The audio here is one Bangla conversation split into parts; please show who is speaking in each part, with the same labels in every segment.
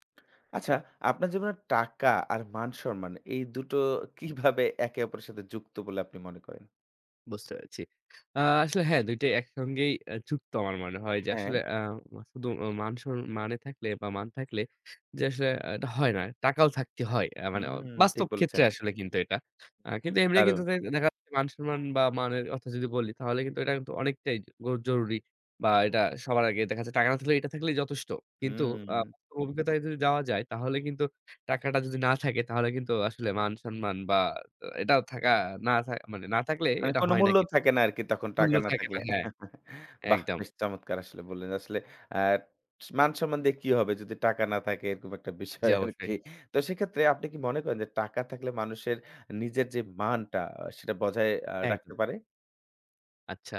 Speaker 1: আচ্ছা আপনার জীবনে টাকা আর মান সম্মান, এই দুটো কীভাবে একে অপরের সাথে যুক্ত বলে আপনি মনে করেন?
Speaker 2: বুঝতে পেরেছি। আ আসলে হ্যাঁ ২ টাই একসঙ্গেই অ্যা যুক্ত আমার মনে হয়। যে
Speaker 1: হ্যাঁ।
Speaker 2: আসলে অ্যা মা শুধু মান সর মানে থাকলে বা মান থাকলে যে আসলে আ এটা হয় না, টাকাও থাকতে হয়। অ্যা মানে
Speaker 1: হুম ঠিক
Speaker 2: বাস্তব ক্ষেত্রে
Speaker 1: বলেছেন।
Speaker 2: আসলে কিন্তু এটা। আ কিন্তু এমনি কিন্তু
Speaker 1: দারুণ।
Speaker 2: দে দেখা যাচ্ছে মান সম্মান বা মানের অর্থে যদি বলি, তাহলে কিন্তু এটা কিন্তু অনেকটাই গ জরুরি, বা এটা সবার আগে। দেখা যায় টাকা না থাকলে এটা থাকলেই যথেষ্ট। কিন্তু আ
Speaker 1: হুম।
Speaker 2: অভিজ্ঞতায় যদি যাওয়া যায় তাহলে কিন্তু টাকাটা যদি না থাকে, তাহলে কিন্তু আসলে মান সম্মান বা অ্যা এটাও থাকা, না থা মানে না থাকলে
Speaker 1: মানে
Speaker 2: এটা
Speaker 1: কোনো
Speaker 2: হয় না
Speaker 1: মূল্য
Speaker 2: কিন্তু।
Speaker 1: থাকে না আরকি তখন
Speaker 2: মূল্য
Speaker 1: টাকা না
Speaker 2: থাকে না,
Speaker 1: থাকলে।
Speaker 2: হ্যাঁ।
Speaker 1: বাহ!
Speaker 2: একদম।
Speaker 1: বেশ চমৎকার আসলে বললেন। আসলে আ স মান সম্মান দিয়ে কি হবে যদি টাকা না থাকে? এরকম একটা
Speaker 2: জী,
Speaker 1: বিষয় আরকি।
Speaker 2: অবশ্যই।
Speaker 1: তো সেক্ষেত্রে আপনি কি মনে করেন যে টাকা থাকলে মানুষের নিজের যে মানটা, সেটা বজায় আ
Speaker 2: একদম।
Speaker 1: রাখতে পারে?
Speaker 2: আচ্ছা।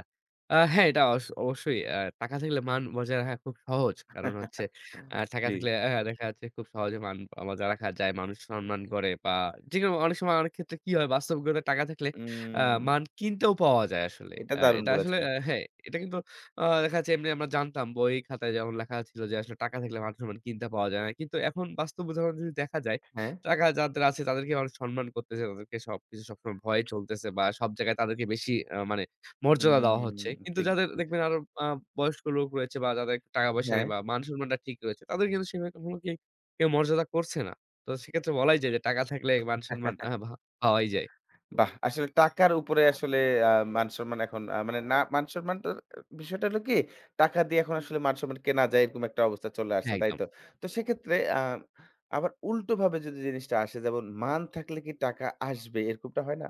Speaker 2: আ হ্যাঁ এটা অশ অবশ্যই। অ্যা টাকা থাকলে মান বজায় রাখা খুব সহজ। কারণ হচ্ছে অ্যা টাকা
Speaker 1: জ্বী।
Speaker 2: থাকলে অ্যা দেখা যাচ্ছে খুব সহজে মান আ বজায় রাখা যায়, মানুষ সম্মান করে বা যেকোন অনেক সময় অনেক ক্ষেত্রে কি হয়? বাস্তব [unintelligible] টাকা থাকলে অ্যা
Speaker 1: উম
Speaker 2: মান কিনতেও পাওয়া যায় আসলে।
Speaker 1: এটা
Speaker 2: অ্যা
Speaker 1: দারুণ
Speaker 2: এটা আসলে
Speaker 1: বলেছেন।
Speaker 2: অ্যা হ্যাঁ এটা কিন্তু অ দেখা যাচ্ছে এমনি আমরা জানতাম বই খাতায় যেমন লেখা ছিল যে আসলে টাকা থাকলে মান সম্মান কিনতে পাওয়া যায় না। কিন্তু এখন বাস্তব উদাহরণ যদি দেখা যায়,
Speaker 1: হ্যাঁ।
Speaker 2: টাকা যাদের আছে তাদেরকে মানুষ সম্মান করতেছে, তাদেরকে সবকিছু সবসময় ভয় চলতেছে বা সব জায়গায় তাদেরকে বেশি আ মানে মর্যাদা
Speaker 1: হুম
Speaker 2: দেওয়া হচ্ছে। কিন্তু
Speaker 1: ঠিক
Speaker 2: যাদের
Speaker 1: বলছে
Speaker 2: দেখবেন আরো আ বয়স্ক লোক রয়েছে বা যাদের টাকা পয়সা নেই
Speaker 1: হ্যাঁ।
Speaker 2: বা মান-সম্মানটা ঠিক রয়েছে তাদের কিন্তু সেভাবে কখনো কি কেউ মর্যাদা করছে না। তো সেক্ষেত্রে বলাই যায় যে টাকা থাকলে মান সম্মান আহ বাহা পাওয়াই যায়।
Speaker 1: বাহ! আসলে টাকার উপরে আসলে আ মান সম্মান এখন আ মানে না মান সম্মান ট বিষয়টা হলো কি? টাকা দিয়ে এখন আসলে মান সম্মান কেনা যায় এরকম একটা অবস্থায় চলে আসছে, তাই
Speaker 2: একদম।
Speaker 1: তো? তো সেক্ষেত্রে আ আবার উল্টোভাবে যদি জিনিসটা আসে? যেমন মান থাকলে কি টাকা আসবে, এরকমটা হয় না?